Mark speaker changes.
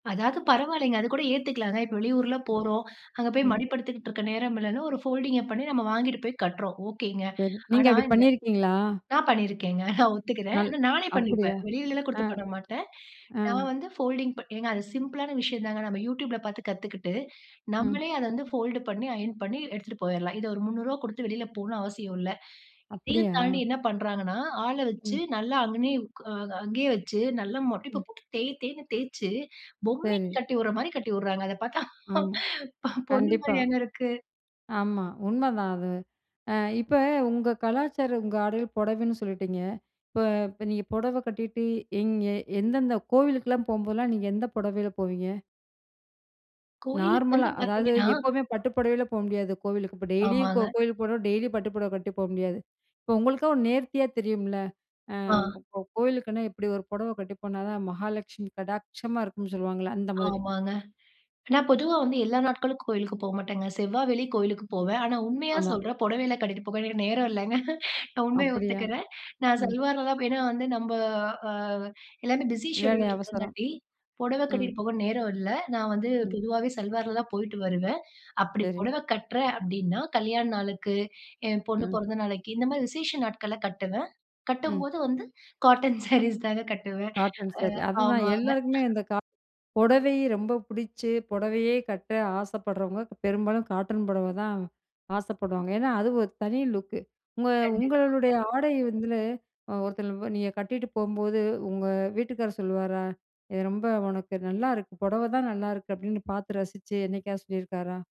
Speaker 1: அதாவது பரவால்லைங்க. அது கூட ஏத்துக்கலாங்க. இப்ப வெளியூர்லாம்
Speaker 2: ம்.
Speaker 1: போறோம். அங்க போய்
Speaker 2: ம்.
Speaker 1: மடிப்பெடுத்துக்கிட்ருக்க நேரம் இல்லன்னு, ஒரு ஃபோல்டிங்க பண்ணி நம்ம வாங்கிட்டு போய் கட்டுறோம். ஓகேங்க.
Speaker 2: சரி, நீங்க
Speaker 1: ஆனா
Speaker 2: அப்படி
Speaker 1: இந்த
Speaker 2: பண்ணீருக்கீங்களா?
Speaker 1: நான் பண்ணீருக்கேங்க, ஒத்துக்கிறேன்.
Speaker 2: நல்
Speaker 1: ஆனா நானே
Speaker 2: அப்படியா!
Speaker 1: பண்ணிப்பேன். வெளியிலல்லாம் குடுத்து
Speaker 2: அ,
Speaker 1: பண்ண மாட்டேன்.
Speaker 2: அ.
Speaker 1: நான் வந்து ஃபோல்டிங் ப ஏங்க அது சிம்பிளான விஷயம் தாங்க. நம்ம Youtubeல பார்த்து கத்துக்கிட்டு,
Speaker 2: ம்.
Speaker 1: நம்மளே அத வந்து ஃபோல்டு பண்ணி, அயர்ன் பண்ணி எடுத்துட்டு போயிரலாம். இத ஒரு ரூ. 300 குடுத்து வெளியில போகணும்ன்னு அவசியம் இல்ல. இதையும்
Speaker 2: அப்படியா!
Speaker 1: தாண்டி என்ன பண்றாங்கன்னா, ஆள வச்சு
Speaker 2: ம்.
Speaker 1: நல்லா அங்கனயே உக் அ அங்கேயே வச்சு நல்லா மடிப்ப
Speaker 2: ம்.
Speaker 1: போட்டு தேய் தேய்ன்னு தேச்சு, பொம்மைக்கு
Speaker 2: சரி.
Speaker 1: கட்டி வுடுற மாரி கட்டி வுடுறாங்க. அத பார்த்தா
Speaker 2: ஆமா,
Speaker 1: பொண்ணு
Speaker 2: கண்டிப்பா.
Speaker 1: மாரியாங்க இருக்கு?
Speaker 2: ஆமா, உண்மதான் அது. அ இப்ப உங்க கலாச்சாரம், உங்க ஆடைல பொடவைன்னு சொல்லிட்டீங்க. இப்ப இப்ப நீங்க பொடவ கட்டிட்டு, எங்கே எந்தெந்த கோவிலுக்குலாம் போம்போதெல்லாம் நீங்க எந்த பொடவைல போவீங்க?
Speaker 1: கோயிலுக்கு வந்து
Speaker 2: நார்மலா. அதாவது,
Speaker 1: பார்த்தீங்கன்னா
Speaker 2: எப்பவுமே பட்டு பொடவைல போக முடியாது கோவிலுக்கு. இப்ப டெய்லியும் கோ
Speaker 1: ஆமாங்க.
Speaker 2: கோயிலுக்கு போகணும்ன்னா, டெய்லியும் பட்டு பொடவ கட்டிட்டு போகமுடியாது. இப்ப உங்களுக்கா ஒரு நேர்த்தியா தெரியும்ல்ல. அ
Speaker 1: ஆ.
Speaker 2: இப்ப கோ கோயிலுக்குன்னா இப்படி ஒரு பொடவை கட்டி போனா தான் மகாலட்சுமி கடாட்சமா இருக்கும்ன்னு சொல்லுவாங்கல்ல? அந்த மாதிரி.
Speaker 1: ஆமாங்க. நான் பொதுவா வந்து எல்லா நாட்களுக்கும் கோயிலுக்கு போமாட்டேங்க. செவ்வா, வெள்ளி கோயிலுக்கு போவேன். ஆனா, உண்மையா
Speaker 2: ஆமா.
Speaker 1: சொல்றேன், பொடவையெல்லாம் கட்டிட்டு போக எனக்கு நேரம் இல்லங்க. நான் உண்மயை
Speaker 2: அப்படியா.
Speaker 1: ஒத்துக்கிறேன். நான்
Speaker 2: ம்.
Speaker 1: சல்வார்ல தான் ப் ஏன்னா வந்து நம்ப அ எல்லாமே பிஸி
Speaker 2: வேலை
Speaker 1: ஷெட்யூல்ல
Speaker 2: அவசரம்.
Speaker 1: இருக்கங்காட்டி, பொடவை
Speaker 2: ம்.
Speaker 1: கட்டிட்டு போக நேரம் இல்ல. நான் வந்து
Speaker 2: ம்.
Speaker 1: பொதுவாவே சல்வார்ல தான் போயிட்டு வருவேன். அப்படி
Speaker 2: சரி.
Speaker 1: பொடவை கட்டுறேன் அப்படீன்னா, கல்யாண நாளுக்கு, என் பொண்ணு
Speaker 2: ம்.
Speaker 1: பொறந்த நாளைக்கு இந்த மாரி விசேஷ நாட்கள்ல கட்டுவேன்.
Speaker 2: ம்.
Speaker 1: கட்டும்போது வந்து காட்டன் சாரீஸ் தாங்க கட்டுவேன்.
Speaker 2: Cotton sorry.
Speaker 1: அ
Speaker 2: அது தான்.
Speaker 1: ஆமாங்க.
Speaker 2: எல்லாருக்குமே இந்த கா பொடவை ரொம்ப புடிச்சு, பொடவையே கட்ட ஆசைப்படுறவங்க பெரும்பாலும் காட்டன் புடவைதான் ஆசைப்படுவாங்க. ஏன்னா அது ஒரு தனி லுக்கு. உங்க
Speaker 1: கண்டிப்பாங்க.
Speaker 2: உங்களுடைய ஆடை வந்து அ ஒருத்தலு வ நீங்க கட்டிட்டு போகும்போது உங்க வீட்டுக்காரர் சொல்லுவாரா, "இது ரொம்ப உனக்கு நல்லாருக்கு. பொடவ தான் நல்லாருக்கு" அப்படீன்னு பார்த்து ரசிச்சு, என்னைக்காவது சொல்லியிருக்காரா?